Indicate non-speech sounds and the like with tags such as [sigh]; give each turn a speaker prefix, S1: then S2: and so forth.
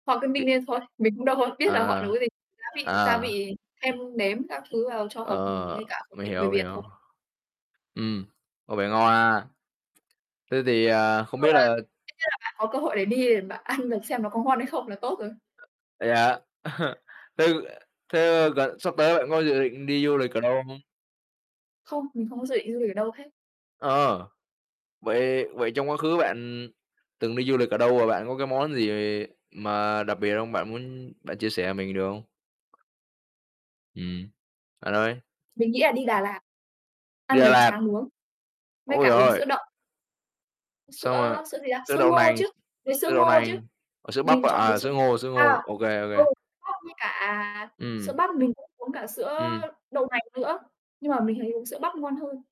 S1: Họ cứ ninh
S2: Vị
S1: lên thôi, mình cũng đâu có biết là họ
S2: Ờ.
S1: nấu cái gì, gia vị gia
S2: Ờ.
S1: vị thêm nếm các thứ vào cho hợp, ừm,
S2: Ờ,
S1: với cả khẩu
S2: mình
S1: vị
S2: hiểu,
S1: người
S2: mình
S1: Việt thôi.
S2: hiểu. Ừm, có vẻ ngon ha. Thế thì, à,
S1: Chung là dĩ
S2: không biết
S1: nhiên là
S2: là
S1: bạn có cơ hội để đi mà ăn được xem nó có ngon hay không là tốt rồi.
S2: Vậy hả? [laughs] thế thế, ơ, gần sắp tới bạn có dự định đi du lịch ở đâu không?
S1: Không, mình không có dự định đi du lịch ở đâu hết.
S2: Ờ, vậy vậy trong quá khứ bạn từng đi du lịch ở đâu và bạn có cái món gì mà đặc biệt không, bạn muốn bạn chia sẻ mình được không? Ừm, bạn ơi.
S1: Mình nghĩ là đi Đà Lạt.
S2: Đi
S1: Ăn
S2: Đà
S1: bánh
S2: Lạt.
S1: tráng nướng. Với
S2: Ôi
S1: cả
S2: giời
S1: uống sữa
S2: ơi.
S1: đậu. Sữa,
S2: Xong rồi,
S1: ơ, sữa gì ta,
S2: sữa
S1: sữa
S2: đậu
S1: ngô
S2: nành,
S1: chứ, với sữa
S2: sữa đậu
S1: ngô chứ.
S2: nành, ờ, sữa bắp,
S1: Mình chọn uống
S2: à,
S1: sữa
S2: sữa ngô, sữa
S1: à,
S2: ngô, ô kê, ô
S1: ừ,
S2: kê.
S1: bắp với cả sữa
S2: Ừm.
S1: bắp mình cũng uống cả sữa
S2: Ừm.
S1: đậu nành nữa, nhưng mà mình thấy uống sữa bắp ngon hơn.